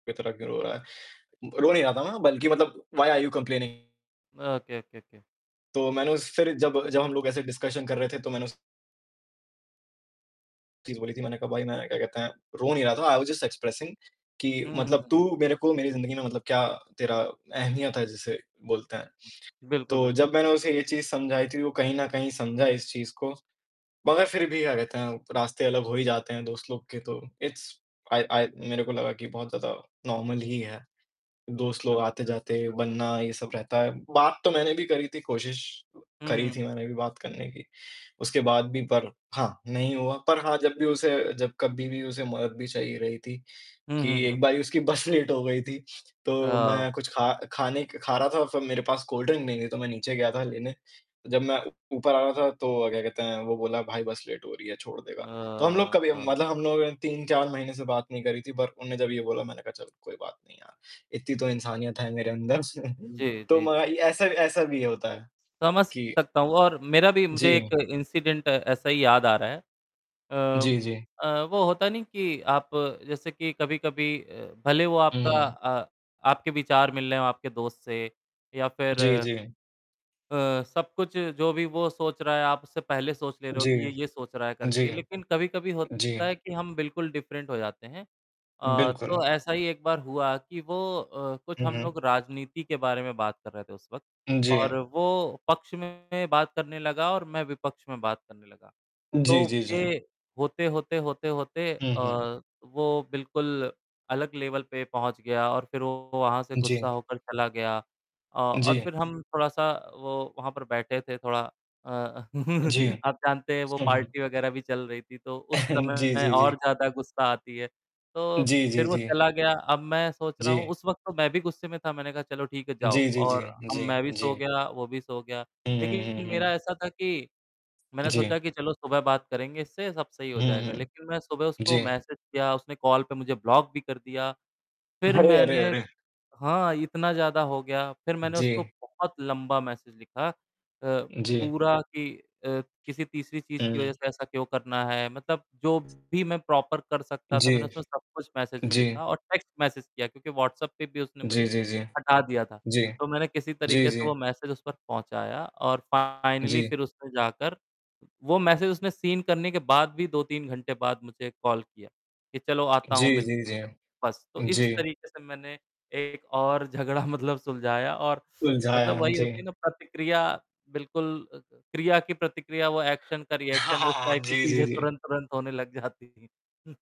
इतना क्यों रो रहा है? रो नहीं रहा था मैं बल्कि मतलब why are you complaining? Okay, okay, okay. तो मैंने उस फिर जब जब हम लोग ऐसे डिस्कशन कर रहे थे तो मैंने उस चीज़ बोली थी, मैंने कहा भाई मैंने क्या कहते हैं, रो नहीं रहा था, आई वॉज़ जस्ट एक्सप्रेसिंग कि हुँ, हुँ, मतलब हुँ, तू हुँ। मेरे को मेरी जिंदगी में मतलब क्या तेरा अहमियत है जिसे बोलते हैं। बिल्कुल। तो बिल्कुल। जब मैंने उसे यह चीज़ समझाई थी वो कहीं न कहीं समझा इस चीज़ को, मगर फिर भी क्या कहते हैं रास्ते अलग हो ही जाते हैं दोस्त लोग के तो इट्स आइ आइ मेरे को लगा कि बहुत ज़्यादा नॉर्मल ही है। कुल दोस्त लोग बिल्कुल, आते-जाते बिल्कुल, बिल बनना ये सब रहता है। बात तो मैंने भी करी थी कोशिश हुँ, करी हुँ। थी मैंने भी बात करने की, उसके बाद भी पर हाँ, नहीं हुआ, पर हाँ जब भी उसे जब कभी भी उसे मदद भी चाहिए रही थी हुँ, कि हुँ, हुँ। एक बार उसकी बस लेट हो गई थी तो अ मैं कुछ खा खाने क खा रहा था और फिर मेरे पास कोल्ड ड्रिंक नहीं थी तो मैं नीचे गया था लेने, जब मैं ऊपर आ रहा था तो अ, क्या कहते हैं वो बोला "भाई बस लेट हो रही है छोड़ देगा?" तो हम लोग कभी अ मतलब हम लोगों ने 3-4 महीने से बात नहीं करी थी, पर उन्होंने जब ये बोला मैंने कहा, "चल कोई बात नहीं यार इतनी तो इंसानियत है मेरे अंदर स" जी, तो जी, मग जी। ये ऐसा ऐसा भी होता है, समझ कि सकता हूँ और मेरा भी मुझे जी। एक इंसिडेंट ऐसा ही याद आ रहा है। अ जी, जी। अ, वो होता नहीं कि आप जैसे कि कभी-कभी अ, भले वो हुँ, आपका हुँ। अ, आपके विचार मिल रहे हैं आपके दोस्त से या फिर जी, जी। अ, सब कुछ जो भी वो सोच रहा है आप उससे पहले सोच ले रहे हो जी। कि ये, ये सोच रहा है जी। करके लेकिन कभी-कभी होता जी। है कि हम बिल्कुल डिफरेंट हो जाते हैं अ, बिल्कुल। तो ऐसा ही एक बार हुआ कि वो अ, कुछ हुँ, हम लोग हुँ। राजनीति के बारे में बात कर रहे थे उस वक़्त हुँ, और जी। वो पक्ष में बात करने लगा और मैं विपक्ष में बात करने लगा, जी, तो जी, जी। ये होते-होते, होते-होते हुँ, हुँ। अ, वो बिल्कुल अलग लेवल पे पहुँच गया और फिर वो वहाँ से गुस्सा जी। होकर चला गया। अ, और जी। फिर हम थोड़ा-सा वो वहाँ पर बैठे थे थोड़ा अ, जी। आप जानते हैं वो उ, हुँ। पार्टी वगैरह भी चल रही थी, तो उस जी, समय जी, जी। और ज़्यादा गुस्सा आती है, तो जी, जी, फिर वो जी। चला गया। अब मैं सोच रहा हूँ जी। उस वक़्त तो मैं भी गुस्से में था, मैंने कहा, "चलो ठीक है जाओ जी, जी, जी, और अब जी, मैं भी सो जी। गया, वो भी सो गया।" हुँ, हुँ, लेकिन हुँ, मेरा हुँ। ऐसा था कि मैंने सोचा जी। कि चलो सुबह बात करेंगे इससे सब सही हो हुँ, जाएगा हुँ। लेकिन मैं सुबह उसको जी। मैसेज किया, उसने कॉल पे मुझे ब्लॉक भी कर दिया, फिर अरे, अरे, मैंने अरे! हाँ, इतना ज़्यादा हो गया, फिर मैंने उसको जी। बहुत लंबा मैसेज लिखा अ, जी। पूरा कि अ, किसी तीसरी चीज़ की वज़ह हुँ। से ऐसा क्यों करना है? मतलब जो भी मैं प्रॉपर कर सकता था जी। मैंने उसमें सब कुछ मैसेज में जी। लिखा और टेक्स्ट मैसेज किया क्योंकि व्हाट्सप्प पे भी उसने जी, मुझे जी, जी। हटा दिया था, जी। तो मैंने किसी जी, तरीके से जी। वो मैसेज उस पर पहुँचाया और फ़ाइनली जी। फिर उसने जाकर वो मैसेज उसने सीन करने के बाद भी 2-3 घंटे बाद मुझे कॉल किया कि चलो आता हूँ जी, मिलते जी, हैं। जी। बस, तो इस जी। तरीके से मैंने एक और झगड़ा मतलब सुलझाया और सुलझाया मतलब हुँ, वही होती है जी। ना प्रतिक्रिया बिल्कुल क्रिया की प्रतिक्रिया वो एक्शन का हाँ, रिएक्शन हाँ, उस हाँ, हाँ। टाइप की जी, जी, चीज़ें जी। तुरंत-तुरंत होने लग जाती हैं।